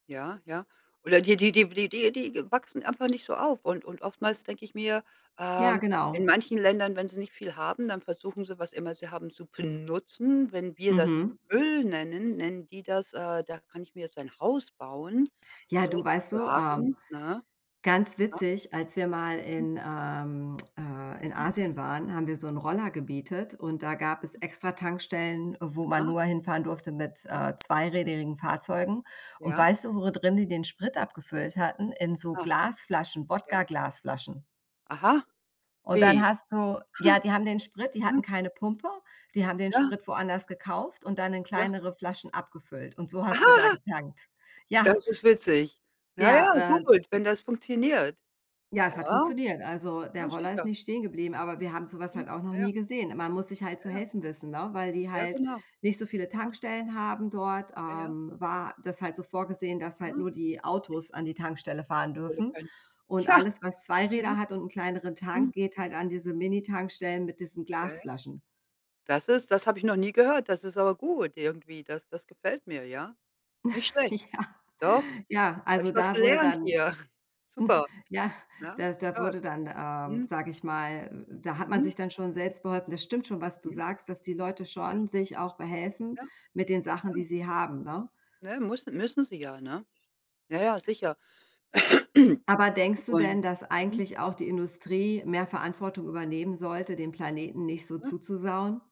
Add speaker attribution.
Speaker 1: Ja, ja. Oder die die die w die die die wachsen einfach nicht so auf. Und und oftmals denke ich mir,
Speaker 2: Ja,
Speaker 1: ähm, in
Speaker 2: genau.
Speaker 1: manchen Ländern, wenn sie nicht viel haben, dann versuchen sie, was immer sie haben, zu benutzen. Wenn wir das
Speaker 2: Mhm.
Speaker 1: Öl nennen, nennen die das, äh, da kann ich mir jetzt ein Haus bauen
Speaker 2: Ja, du, weißt du, ähm,
Speaker 1: sozusagen, ne,
Speaker 2: ganz
Speaker 1: ja.
Speaker 2: witzig, als wir mal
Speaker 1: Mhm.
Speaker 2: in, ähm, äh in
Speaker 1: Mhm.
Speaker 2: Asien waren, haben wir so 'n Roller gemietet und da gab es
Speaker 1: Mhm.
Speaker 2: extra Tankstellen, wo man
Speaker 1: Ah.
Speaker 2: nur hinfahren durfte mit,
Speaker 1: Mhm.
Speaker 2: äh, zweirädrigen Fahrzeugen. Und
Speaker 1: Ja.
Speaker 2: weißt du, wo drin die den Sprit
Speaker 1: Ja.
Speaker 2: abgefüllt hatten? In so
Speaker 1: Ja,
Speaker 2: Glasflaschen,
Speaker 1: ja.
Speaker 2: Wodka Glasflaschen.
Speaker 1: Aha.
Speaker 2: Und dann
Speaker 1: Wie?
Speaker 2: hast du ja, die haben den Sprit die hatten
Speaker 1: Mhm.
Speaker 2: keine Pumpe, die haben den
Speaker 1: Ja.
Speaker 2: Sprit woanders gekauft und dann in
Speaker 1: Ja.
Speaker 2: kleinere Flaschen abgefüllt. Und so hast du da getankt, ja.
Speaker 1: Das ist witzig. Ja, ja,
Speaker 2: Ja, äh,
Speaker 1: gut,
Speaker 2: [unintelligible]
Speaker 1: wenn das funktioniert.
Speaker 2: Ja, es
Speaker 1: Ja,
Speaker 2: hat funktioniert. Also,
Speaker 1: ja
Speaker 2: der Roller ist
Speaker 1: sicher.
Speaker 2: nicht stehengeblieben, aber wir haben so was
Speaker 1: Mhm.
Speaker 2: halt auch noch
Speaker 1: Ja,
Speaker 2: nie
Speaker 1: ja.
Speaker 2: gesehen. Man muss sich halt
Speaker 1: Ja,
Speaker 2: zu
Speaker 1: ja.
Speaker 2: helfen wissen, ne, weil die
Speaker 1: Ja
Speaker 2: halt
Speaker 1: genau,
Speaker 2: nicht so viele
Speaker 1: ja.
Speaker 2: Tankstellen haben dort,
Speaker 1: Ja, ja.
Speaker 2: ähm, war das halt so vorgesehen, dass halt
Speaker 1: Mhm,
Speaker 2: nur die
Speaker 1: richtig.
Speaker 2: Autos an die Tankstelle fahren dürfen
Speaker 1: [unintelligible]
Speaker 2: und
Speaker 1: Ja,
Speaker 2: alles, was
Speaker 1: mhm,
Speaker 2: Zweiräder hat und 'n kleineren Tank
Speaker 1: mhm.
Speaker 2: geht halt an diese Mini-Tankstellen mit diesen
Speaker 1: Okay.
Speaker 2: Glasflaschen.
Speaker 1: Das ist das habe ich noch nie gehört. Das ist aber gut irgendwie, das das gefällt mir, ja. Nicht schlecht.
Speaker 2: Ja,
Speaker 1: Doch,
Speaker 2: ja,
Speaker 1: da habe ich
Speaker 2: also,
Speaker 1: was
Speaker 2: da wurde
Speaker 1: gelernt
Speaker 2: dann
Speaker 1: hier. Super,
Speaker 2: ja,
Speaker 1: ja,
Speaker 2: da da
Speaker 1: stark,
Speaker 2: wurde dann, ähm,
Speaker 1: mhm.
Speaker 2: sage ich mal da hat man
Speaker 1: Mhm.
Speaker 2: sich dann schon selbst beholfen. Das stimmt schon, was du
Speaker 1: Mhm.
Speaker 2: sagst, dass die Leute
Speaker 1: Ja.
Speaker 2: schon sich auch behelfen
Speaker 1: Ja,
Speaker 2: mit den Sachen, die
Speaker 1: ja.
Speaker 2: sie haben, ne?
Speaker 1: Ne, mussen müssen sie ja, ne? Ja, ja, sicher.
Speaker 2: Aber denkst du
Speaker 1: Und
Speaker 2: denn, dass
Speaker 1: mhm.
Speaker 2: eigentlich auch die Industrie mehr Verantwortung übernehmen sollte, dem Planeten nicht so
Speaker 1: Mhm.
Speaker 2: zuzusauen?